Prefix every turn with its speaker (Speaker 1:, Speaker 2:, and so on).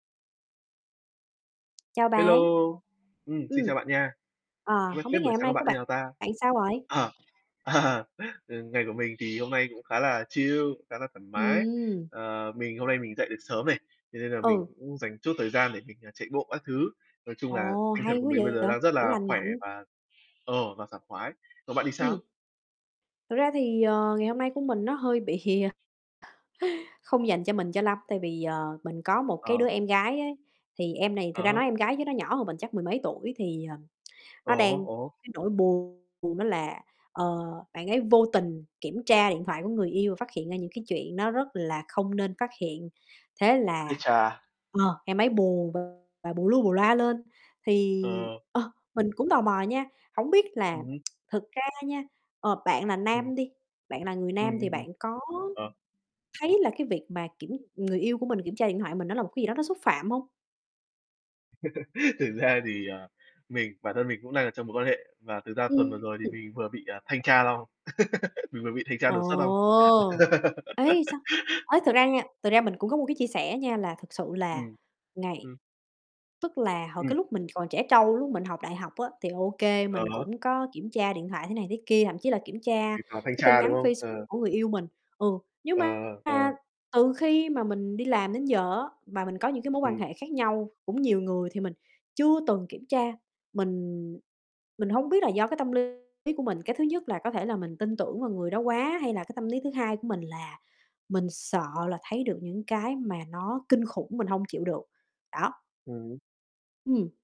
Speaker 1: Chào
Speaker 2: Hello,
Speaker 1: bạn.
Speaker 2: ừm, xin
Speaker 1: Ừm.
Speaker 2: chào bạn nha.
Speaker 1: Ờ,
Speaker 2: Ơ,
Speaker 1: hổng
Speaker 2: thế
Speaker 1: biết
Speaker 2: buổi
Speaker 1: ngày hôm
Speaker 2: sáng của
Speaker 1: nay
Speaker 2: bạn
Speaker 1: của
Speaker 2: như
Speaker 1: bạn
Speaker 2: nào ta?
Speaker 1: sao rồi?
Speaker 2: À, ừm, ngày của mình thì hôm nay cũng khá là chill, khá là thoải mái.
Speaker 1: Ừm.
Speaker 2: Ờ, mình hôm nay mình dậy được sớm này, thế nên là mình
Speaker 1: Ừ.
Speaker 2: cũng dành chút thời gian để mình, à, chạy bộ các thứ, nói chung là
Speaker 1: Ồ,
Speaker 2: tinh thần
Speaker 1: hay
Speaker 2: của
Speaker 1: quá
Speaker 2: mình bây
Speaker 1: vậy,
Speaker 2: giờ đang rất
Speaker 1: kiểu,
Speaker 2: là
Speaker 1: lành
Speaker 2: khỏe
Speaker 1: mạnh.
Speaker 2: và, ờ, và sảng khoái, còn bạn thì sao?
Speaker 1: Ừm. Thật ra thì, ờ, ngày hôm nay của mình nó hơi bị hìa không dành cho mình cho lắm, tại vì, ờ, mình có một cái
Speaker 2: Ờ.
Speaker 1: đứa em gái á, thì em này
Speaker 2: À
Speaker 1: thực ra
Speaker 2: há.
Speaker 1: nói em gái chứ nó nhỏ hơn mình chắc mười mấy tuổi, thì, ờ,
Speaker 2: Ờ
Speaker 1: nó
Speaker 2: há,
Speaker 1: đang
Speaker 2: ồ hố.
Speaker 1: cái nỗi buồn đó là, ờ, bạn ấy vô tình kiểm tra điện thoại của người yêu và phát hiện ra những cái chuyện nó rất là không nên phát hiện. Thế là
Speaker 2: Ái chà.
Speaker 1: ờ, em ấy buồn và bù lu bù loa lên, thì
Speaker 2: Ờ.
Speaker 1: ờ, mình cũng tò mò nha, hổng biết là
Speaker 2: Ừm hứm.
Speaker 1: thực ra nha, ờ, bạn là
Speaker 2: Ừm.
Speaker 1: nam đi, bạn là người
Speaker 2: Ừm,
Speaker 1: nam thì
Speaker 2: ừm, ừm.
Speaker 1: bạn có
Speaker 2: Ờ.
Speaker 1: thấy là cái việc mà kiểm người yêu của mình kiểm tra điện thoại của mình nó là một cái gì đó nó xúc phạm hông?
Speaker 2: Thực ra thì, ờ, mình bản thân mình cũng đang ở trong mối quan hệ và thực ra tuần vừa rồi thì
Speaker 1: Ừm.
Speaker 2: mình vừa bị, ờ, thanh tra xong. Mình vừa bị thanh tra đột xuất xong.
Speaker 1: Ồ! Ấy, sao? Ấy, thật ra nha, thực ra mình cũng có một cái chia sẻ nha, là thực sự là
Speaker 2: Ừm,
Speaker 1: ngày
Speaker 2: ừm.
Speaker 1: tức là hồi
Speaker 2: Ừm.
Speaker 1: cái lúc mình còn trẻ trâu, lúc mình học đại học á, thì OK,
Speaker 2: Ờ
Speaker 1: mình
Speaker 2: há.
Speaker 1: cũng có kiểm tra điện thoại thế này thế kia, thậm chí là kiểm tra
Speaker 2: Tùy vào thanh
Speaker 1: cái tin
Speaker 2: tra, đúng
Speaker 1: nhắn
Speaker 2: không?
Speaker 1: Facebook
Speaker 2: Ờ.
Speaker 1: của người yêu mình. Ừ, nhưng
Speaker 2: Ờ,
Speaker 1: mà
Speaker 2: ờ, ờ.
Speaker 1: từ khi mà mình đi làm đến giờ á, mà mình có những cái mối quan
Speaker 2: Ừm.
Speaker 1: hệ khác nhau, cũng nhiều người thì mình chưa từng kiểm tra. Mình mình hông biết là do cái tâm lý của mình, cái thứ nhất là có thể là mình tin tưởng vào người đó quá, hay là cái tâm lý thứ hai của mình là mình sợ là thấy được những cái mà nó kinh khủng, mình hông chịu được, đó.
Speaker 2: Ừm hứm.
Speaker 1: Ừm.